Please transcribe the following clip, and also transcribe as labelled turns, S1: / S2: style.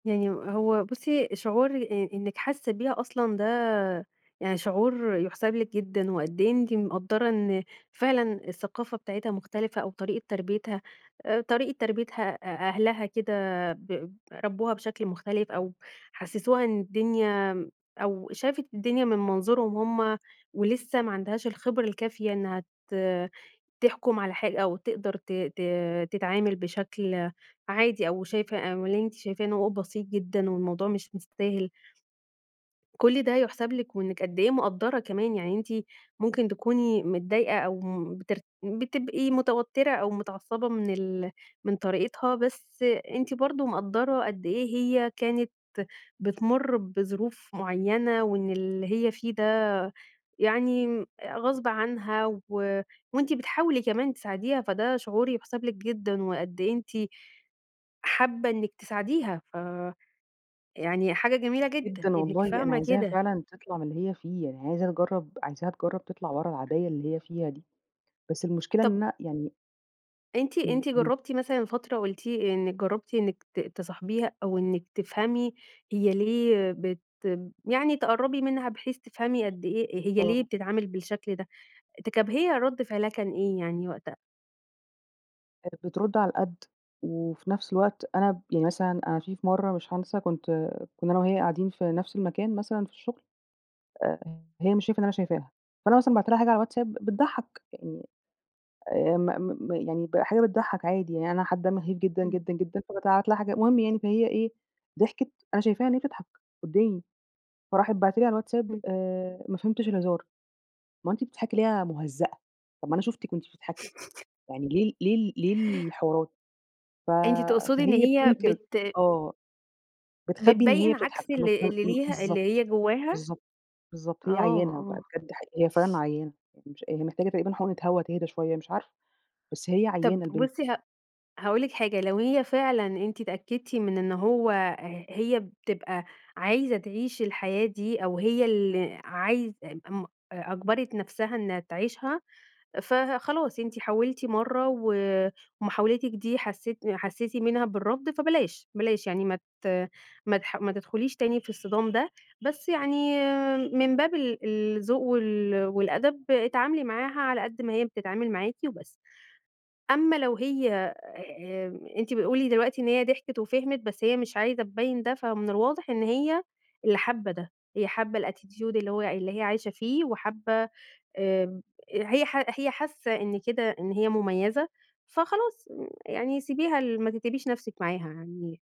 S1: يعني هو بُصّي، شعور آآ إنِّك حاسّة بيها أصلًا ده يعني شعور يُحسَب لِك جدًا وقد إيه أنتِ مقدّرة إن فعلًا الثقافة بتاعتها مختلفة أو طريقة تربيّتها آآ طريقة تربيّتها أ أهلها كده ب ربّوها بشكل مختلف أو حسّسوها إن الدنيا م أو شافت الدنيا من منظورهم هم ولسّه ما عندهاش الخبرة الكافية إنّها ت تحكُم على حا أو تقدر ت ت تتعامل بشكل عادي أو شايفة أمّا اللي أنتِ شايفاه إن هو بسيط جدًا والموضوع مش مستاهل. كل ده يُحسَب لِك وإنِّك قد إيه مقدّرة كمان. يعني أنتِ ممكن تكوني متضايقة أو م بتر بتبقي متوتّرة أو متعصّبة من ال من طريقتها، بس أنتِ برضه مقدّرة قد إيه هي كانت بتمُر بظروف معيّنة وإن اللي هي فيه ده يعني غصب عنها و وأنتِ بتحاولي كمان تساعديها، فده شعور يُحسَب لِك جدًا وقد إيه أنتِ حابّة إنِّك تساعديها، ف يعني حاجة جميلة جدًا
S2: جدًا
S1: إنِّك
S2: والله. أنا
S1: فاهمة
S2: عايزاها
S1: كده.
S2: فعلًا تطلع من اللي هي فيه. يعني عايزة تجرّب عايزاها تجرّب تطلع ورا العباية اللي هي فيها دي، بس المشكلة إن
S1: طَب
S2: أنا يعني
S1: أنتِ
S2: إمم،
S1: أنتِ
S2: إمم.
S1: جرّبتِ مثلًا فترة قُلتِ إنِّك جرّبتِ إنِّك ت تصاحبيها أو إنِّك تفهمي هي ليه بتب يعني تقرّبي منها بحيث تفهمي قد إيه هي ليه
S2: آه.
S1: بتتعامل بالشكل ده؟ تكب هي رَد فعلها كان إيه يعني وقتها؟
S2: آآ بترُد على القَد وفي نفس الوقت أنا ب يعني مثلًا أنا في في مرّة مش هانسى كنت كُنّا أنا وهي قاعدين في نفس المكان مثلًا في الشُغل، آآ هي مش شايفة إن أنا شايفاها، فأنا مثلًا بعت لها حاجة على الواتساب بتضحّك، يعني آآ م م يعني ب حاجة بتضحّك عادي، يعني أنا حابّة أمهِّد جدًا،
S1: إمم.
S2: جدًا، جدًا، فبابعت لها حاجات. المهم يعني فهي إيه، ضحكت، أنا شايفاها إن هي بتضحك قُدّامي، فراحت باعته لي على الواتساب
S1: إمم.
S2: آآ ما فهمتش الهزار، ما أنتِ بتضحكي ليه يا مُهزّأة، طَب ما أنا شُفتِك وأنتِ بتضحكي، يعني ليه ال ليه ال ليه الحوارات؟ ف
S1: أنتِ تقصدي إن
S2: فهي
S1: هي
S2: بتنكِر
S1: بت
S2: آه. بتخبّي إن هي
S1: بتبيّن
S2: بتضحك،
S1: عكس
S2: طَب
S1: ال
S2: م م
S1: اللي
S2: م
S1: ليها اللي هي
S2: بالضبط.
S1: جوّاها؟
S2: بالضبط. بالضبط.
S1: آه،
S2: هي عيّانة بقى
S1: آه.
S2: بجد، حي هي فعلًا عيّانة. هي مش هي محتاجة تقريبًا حُقنة هوا تِهدا شوية مش عارفة، بس هي
S1: طَب
S2: عيّانة البنت.
S1: بُصّي ه هاقول لِك حاجة، لو هي فعلًا أنتِ اتأكّدتِ من إن هو ه هي بتبقى عايزة تعيش الحياة دي أو هي اللي عايزة ام أ أجبَرِت نفسها إنّها تعيشها فخلاص، أنتِ حاولتِ مرّة ومحاولتِك دي حسّيتِ حسّيتِ منها بالرفض، فبلاش، بلاش، يعني ما ت ما تح ما تدخُليش تاني في الصِدام ده، بس يعني من باب ال الذوق وال والأدب، اتعاملي معاها على قَد ما هي بتتعامل معاكِ وبس. أمّا لو هي آآ أنتِ بتقولي دلوقتي إن هي ضحكت وفهمِت، بس هي مش عايزة تبيّن ده، فمن الواضح إن هي اللي حابّة ده، هي حابّة الattitude اللي هو اللي هي عايشة فيه وحابّة آآ هي حا هي حاسّة إن كده إن هي مُميّزة، فخلاص يعني سيبيها ل ما تتعبيش نفسِك معاها. يعني